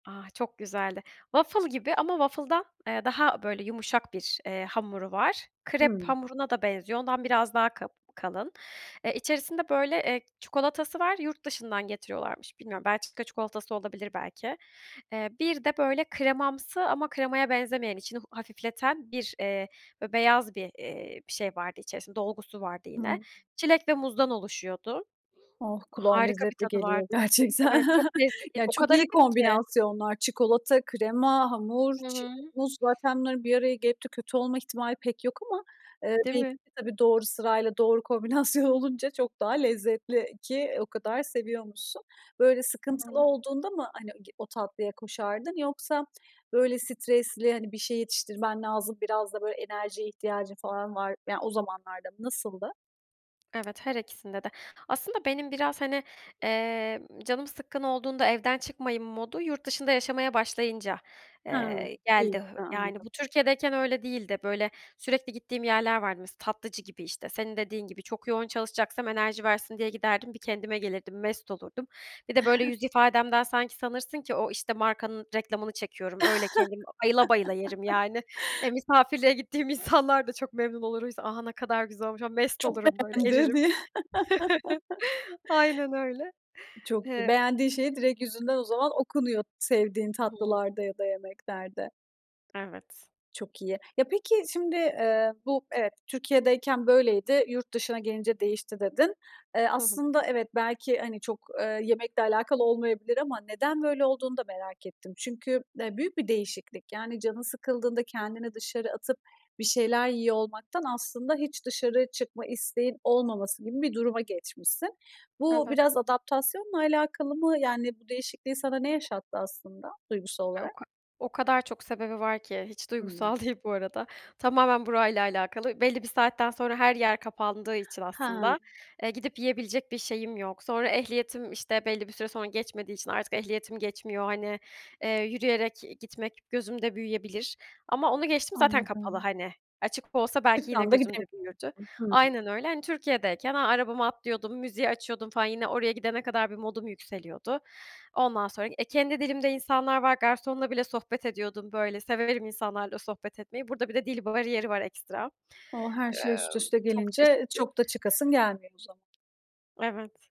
Ah, çok güzeldi. Waffle gibi ama waffle'dan, eee, daha böyle yumuşak bir, eee, hamuru var. Krep Hıı. hamuruna da benziyor. Ondan biraz daha ka kalın. Eee, içerisinde, böyle, çikolatası var. Yurt dışından getiriyorlarmış. Bilmiyorum, Belçika çikolatası olabilir belki. Eee, bir de, böyle, kremamsı ama kremaya benzemeyen içini a hafifleten bir, eee, be beyaz bir, eee, bir şey vardı içerisinde, dolgusu vardı yine. Hıı. Çilek ve muzdan oluşuyordu. Oh! Kulağa Harika bir lezzetli tadı geliyor vardı. gerçekten. Evet, çok lezzetliydi. Ya, O çok kadar iyi hafif ki. kombinasyonlar. Çikolata, krema, hamur, Hı çilek, hı. muz. Zaten bunların bir araya gelip de kötü olma ihtimali pek yok ama, eee, Değil belki mi? de tabii, doğru sırayla doğru kombinasyon olunca çok daha lezzetli ki o kadar seviyormuşsun. Böyle sıkıntılı Aynen. olduğunda mı hani g o tatlıya koşardın yoksa, böyle, stresli, hani, bir şey yetiştirmen lazım, biraz da böyle enerjiye ihtiyacın falan var yani, o zamanlarda mı, nasıldı? Evet, her ikisinde de. Aslında benim biraz, hani, emm, canım sıkkın olduğunda, evden çıkmayım modu yurt dışında yaşamaya başlayınca, Ha, eee, iyi. geldi. A, Yani, bu anladım. Türkiye'deyken öyle değildi. Böyle, sürekli gittiğim yerler vardı. Mesela, tatlıcı gibi, işte, senin dediğin gibi çok yoğun çalışacaksam enerji versin diye giderdim. Bir kendime gelirdim, mest olurdum. Bir de, böyle, yüz ifademden sanki sanırsın ki o, işte, markanın reklamını çekiyorum, öyle kendim bayıla bayıla yerim, yani. Eee, misafirliğe gittiğim insanlar da çok memnun olur, [unintelligible] "A, ne kadar güzel olmuş." ama mest Çok olurum, böyle, eririm. [unintelligible] Aynen öyle. Çok Eee beğendiğin şeyi direkt yüzünden o zaman okunuyor, sevdiğin Hıı. tatlılarda ya da yemeklerde. Evet. Çok iyi. Ya, peki, şimdi, eee, bu, evet, "Türkiye'deyken böyleydi, yurt dışına gelince değişti." dedin. Eee, Hı hı. aslında, evet, belki, hani, çok, eee, yemekle alakalı olmayabilir ama neden böyle olduğunu da merak ettim. Çünkü, eee, büyük bir değişiklik. Yani, canın sıkıldığında kendini dışarı atıp bir şeyler yiyor olmaktan aslında hiç dışarı çıkma isteğinin olmaması gibi bir duruma geçmişsin. Bu Evet. biraz adaptasyonla alakalı mı? Yani, bu değişikliği sana ne yaşattı aslında duygusal E, o olarak? ka o kadar çok sebebi var ki, hiç Hımm. duygusal değil bu arada. Tamamen burayla alakalı belli bir saatten sonra her yer kapandığı için Ha. aslında, eee, gidip yiyebilecek bir şeyim yok. Sonra ehliyetim, işte, belli bir süre sonra geçmediği için artık ehliyetim geçmiyor. Hani, eee, yürüyerek gitmek gözümde büyüyebilir ama onu geçtim zaten kapalı, Anladım. hani. Açık olsa belki yine gözümde [unintelligible] büyürdü Hıı. Aynen öyle. Hani, Türkiye'deyken arabama atlıyordum, müziği açıyordum falan yine oraya gidene kadar bir modum yükseliyordu. Ondan sonra, eee, kendi dilimde insanlar var. Garsonla bile sohbet ediyordum, böyle. Severim insanlarla sohbet etmeyi. Burada bir de dil bariyer var, ekstra. Eee, O! Her şey üst üste çok gelince, çeşitli. çok da çıkasın gelmiyor o zaman. Evet.